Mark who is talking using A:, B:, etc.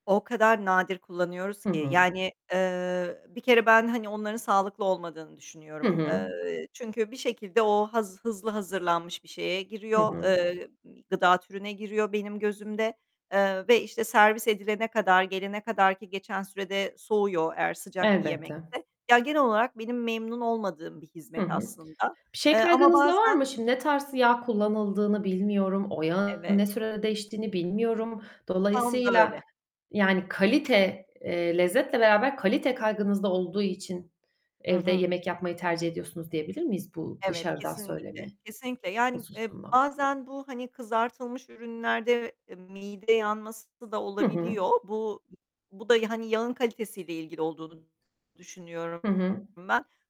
A: O kadar nadir kullanıyoruz
B: Hı
A: ki
B: hı.
A: yani, eee, bir kere ben, hani onların sağlıklı olmadığını
B: Hı
A: düşünüyorum.
B: hı.
A: Eee, çünkü bir şekilde o haz hızlı hazırlanmış bir şeye
B: Hı
A: giriyor,
B: hı.
A: eee, gıda türüne giriyor benim gözümde, eee, ve işte servis edilene kadar, gelene kadarki geçen sürede soğuyor eğer sıcak bir
B: Elbette.
A: yemekse. Ya genel olarak benim memnun olmadığım bir
B: Hı
A: hizmet
B: hı.
A: aslında,
B: Bir şey
A: eee, ama
B: kaygınız da var
A: bazen
B: mı? Şimdi ne tarz yağ kullanıldığını bilmiyorum, o yağın ne
A: Evet.
B: sürede değiştiğini bilmiyorum.
A: Tam da
B: Dolayısıyla,
A: öyle.
B: yani kalite, eee, lezzetle beraber kalite kaygınız da olduğu için
A: Hı
B: evde
A: hı.
B: yemek yapmayı tercih ediyorsunuz diyebilir miyiz, bu
A: Evet,
B: dışarıdan söyleme
A: kesinlikle, kesinlikle yani, eee,
B: hususunda?
A: bazen bu, hani kızartılmış ürünlerde mide yanması da
B: Hı hı.
A: olabiliyor. Bu bu da, yani, yağın kalitesiyle ilgili olduğunu düşünüyorum
B: Hı hı.
A: ben.